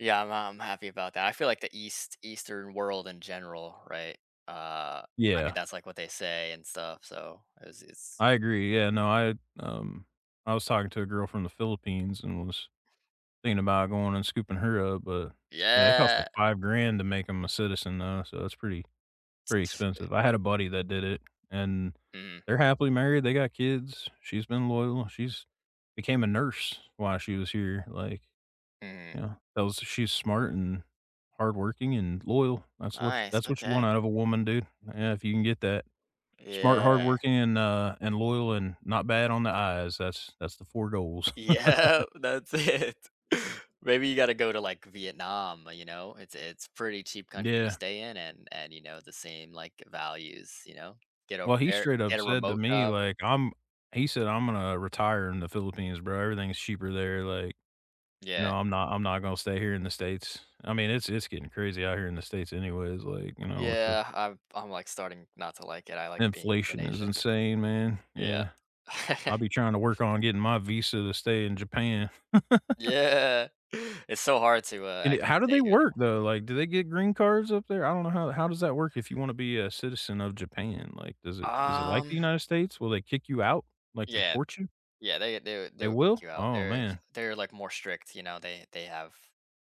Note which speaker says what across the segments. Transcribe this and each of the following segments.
Speaker 1: Yeah, I'm I'm happy about that, I feel like the east eastern world in general, right? Uh, I mean,
Speaker 2: Yeah.
Speaker 1: that's, like, what they say and stuff, so it's it's
Speaker 2: I agree, yeah, no, I, um I was talking to a girl from the Philippines and I was thinking about going and scooping her up, but, yeah, it costs like
Speaker 1: Yeah.
Speaker 2: 5 grand to make 'em a citizen though, so it's pretty pretty expensive. I had a buddy that did it and
Speaker 1: Mhm.
Speaker 2: they're happily married, they got kids, she's been loyal, she's became a nurse while she was here, like
Speaker 1: Mhm
Speaker 2: Yeah, that was she's smart and hardworking and loyal. That's what ch
Speaker 1: Nice,
Speaker 2: that's what you want
Speaker 1: okay.
Speaker 2: out of a woman, dude. Yeah, if you can get that. Smart,
Speaker 1: Yeah.
Speaker 2: hardworking, and, uh and loyal and not bad on the eyes, that's that's the 4 goals.
Speaker 1: Yep, that's it. Maybe you gotta go to, like, Vietnam, uh, you know, it's it's pretty cheap country to
Speaker 2: Yeah.
Speaker 1: stay in and and, you know, the same, like, values, you know? Get over
Speaker 2: Well, he
Speaker 1: there,
Speaker 2: straight up
Speaker 1: get a
Speaker 2: said to
Speaker 1: remote
Speaker 2: me
Speaker 1: job.
Speaker 2: like, "I'm" he said "I'm gonna retire in the Philippines, bro, everything is cheaper there, like You
Speaker 1: Yeah.
Speaker 2: know, I'm not I'm not gone stay here in the States." I mean, it's it's getting crazy out here in the States anyways, like, you know, with the
Speaker 1: Yeah, I've I'm like starting not to like it, I like being in
Speaker 2: Inflation is
Speaker 1: Asia.
Speaker 2: insane, man,
Speaker 1: Yeah.
Speaker 2: yeah. I'll be trying to work on getting my visa to stay in Japan.
Speaker 1: Yeah, it's so hard to, uh,
Speaker 2: And, eh,
Speaker 1: actually
Speaker 2: how do they
Speaker 1: stay here
Speaker 2: work,
Speaker 1: [unintelligible]
Speaker 2: though? Like, do they get green cards up there? I don't know how how does that work if you want to be a citizen of Japan, like, does it is it like the
Speaker 1: Um
Speaker 2: United States? Will they kick you out, like
Speaker 1: Yeah,
Speaker 2: deport you?
Speaker 1: yeah, they they they
Speaker 2: They
Speaker 1: would kick
Speaker 2: will?
Speaker 1: you out.
Speaker 2: Oh
Speaker 1: They're
Speaker 2: man.
Speaker 1: they're, like, more strict, you know, they they have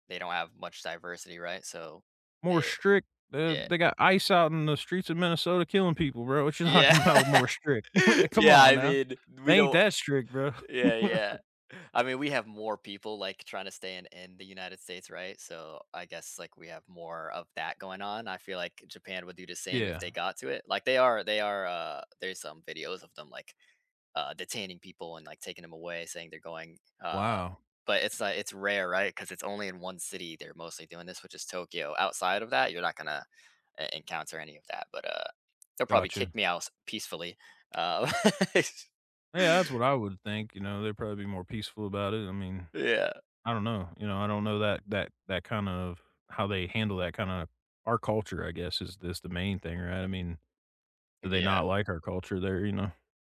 Speaker 1: they don't have much diversity, right? So
Speaker 2: More
Speaker 1: they
Speaker 2: strict, uh,
Speaker 1: yeah.
Speaker 2: they got ICE out in the streets of Minnesota killing people, bro, what you
Speaker 1: Yeah,
Speaker 2: talking about more strict? Come
Speaker 1: yeah,
Speaker 2: on
Speaker 1: I
Speaker 2: now,
Speaker 1: mean, we
Speaker 2: they ain't
Speaker 1: don't
Speaker 2: that strict, bro.
Speaker 1: yeah, yeah, I mean, we have more people, like, trying to stay in in the United States, right? So I guess, like, we have more of that going on. I feel like Japan would do the same if they
Speaker 2: Yeah.
Speaker 1: got to it. Like they are they are, uh, there's some videos of them like, uh, detaining people and, like, taking them away, saying they're going uh,
Speaker 2: Wow.
Speaker 1: but it's, like, it's rare, right? 'Cause it's only in 1 city they're mostly doing this, which is Tokyo. Outside of that, you're not gonna en encounter any of that, but, uh, they'll probably
Speaker 2: Gotcha.
Speaker 1: kick me out s peacefully, uh
Speaker 2: Yeah, that's what I would think, you know, they're probably be more peaceful about it, I mean,
Speaker 1: Yeah.
Speaker 2: I don't know, you know, I don't know that that that kind of how they handle that kind of our culture I guess is this the main thing, right? I mean, do they
Speaker 1: Yeah.
Speaker 2: not like our culture there, you know?